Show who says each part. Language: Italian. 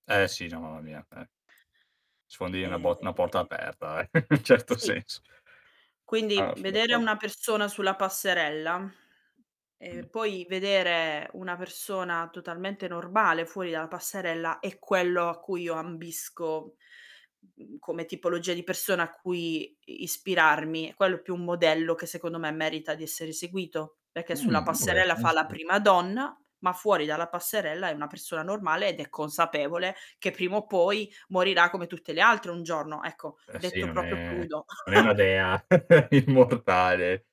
Speaker 1: Eh sì, già mamma mia, eh, sfondi una
Speaker 2: Ehm
Speaker 1: bo una porta aperta, eh, certo
Speaker 2: Sì.
Speaker 1: senso.
Speaker 2: Quindi,
Speaker 1: Ah son
Speaker 2: vedere
Speaker 1: d'accordo.
Speaker 2: una persona sulla passerella, e
Speaker 1: Mh.
Speaker 2: poi vedere una persona totalmente normale fuori dalla passerella, è quello a cui io ambisco, mhmm, come tipologia di persona a cui i ispirarmi, è quello più un modello che secondo me merita di essere seguito, perché sulla
Speaker 1: Mh,
Speaker 2: passerella fa la
Speaker 1: [unintelligible]
Speaker 2: prima donna, ma fuori dalla passerella è una persona normale ed è consapevole che prima o poi morirà come tutte le altre un giorno. Ecco,
Speaker 1: Eh sì,
Speaker 2: detto
Speaker 1: non
Speaker 2: proprio
Speaker 1: è
Speaker 2: crudo.
Speaker 1: non è una dea immortale.